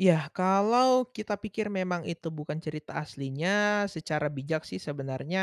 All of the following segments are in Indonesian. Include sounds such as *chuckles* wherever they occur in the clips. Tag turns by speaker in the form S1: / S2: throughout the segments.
S1: Iya, kalau kita pikir memang itu bukan cerita aslinya secara bijak sih sebenarnya,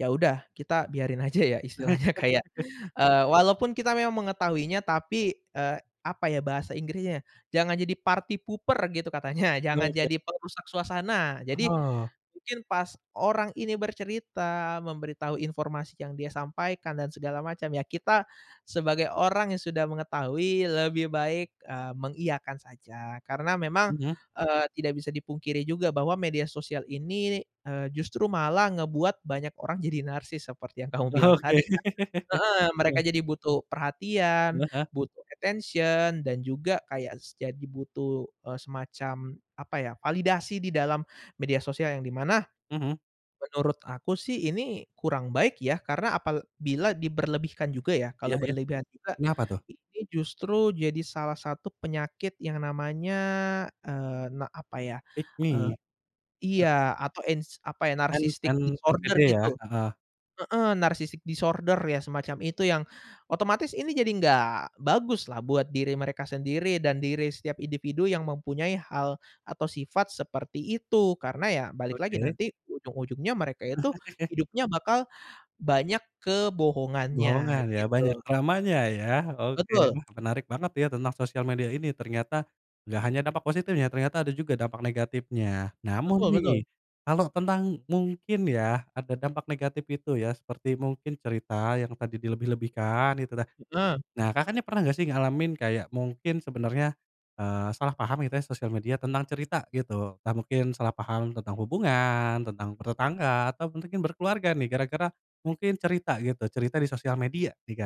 S1: ya udah kita biarin aja ya istilahnya kayak,
S2: *chuckles*
S1: eee, walaupun kita memang mengetahuinya tapi, eee, apa ya bahasa Inggrisnya ya, jangan jadi party pooper gitu katanya, jangan
S2: Oke.
S1: jadi perusak suasana. Jadi,
S2: Oh.
S1: mungkin pas orang ini bercerita memberitahu informasi yang dia sampaikan dan segala macam, ya kita sebagai orang yang sudah mengetahui, lebih baik, eee, mengiyakan saja, karena memang,
S2: Mmm.
S1: eee, tidak bisa dipungkiri juga bahwa media sosial ini, eee, justru malah ngebuat banyak orang jadi narsis seperti yang kamu
S2: Oke.
S1: bilang tadi kan
S2: *chuckles*
S1: heeh. Mereka
S2: Ya.
S1: jadi butuh perhatian,
S2: Heeh heeh.
S1: butuh attention dan juga kayak s jadi butuh, eee, semacam apa ya, validasi di dalam media sosial, yang di mana
S2: Mhm.
S1: menurut aku sih ini kurang baik ya, karena apabila diberlebihkan juga ya,
S2: Iya
S1: kalau
S2: iya.
S1: berlebihan juga
S2: Kenapa tuh?
S1: ini justru jadi salah satu penyakit yang namanya, eee, na apa ya,
S2: Pick
S1: eee
S2: me.
S1: iya. Atau ins apa ya,
S2: kan
S1: narcissistic
S2: kan,
S1: disorder
S2: gede ya,
S1: gitu.
S2: heeh.
S1: Heeh, narcissistic disorder ya, semacam itu yang otomatis ini jadi nggak baguslah buat diri mereka sendiri dan diri setiap individu yang mempunyai hal atau sifat seperti itu. Karena ya balik lagi
S2: Oke.
S1: nanti ujung-ujungnya mereka itu
S2: *chuckles*
S1: hidupnya bakal banyak kebohongannya,
S2: Bohongan ya, banyak
S1: gitu.
S2: dramanya ya. Oke,
S1: Betul.
S2: wah menarik banget ya tentang sosial media ini, ternyata gak hanya dampak positif ya, ternyata ada juga dampak negatifnya. Namun
S1: Betul betul.
S2: nih, kalau tentang mungkin ya ada dampak negatif itu ya, seperti mungkin cerita yang tadi dilebih-lebihkan gitulah.
S1: Heeh.
S2: Nah, Kakak nih pernah nggak sih ngalamin kayak mungkin sebenarnya, eee, salah paham gitu ya sosial media, tentang cerita gitu. Entah mungkin salah paham tentang hubungan, tentang bertetangga, atau mungkin berkeluarga nih, gara-gara mungkin cerita gitu, cerita di sosial media nih, Kak.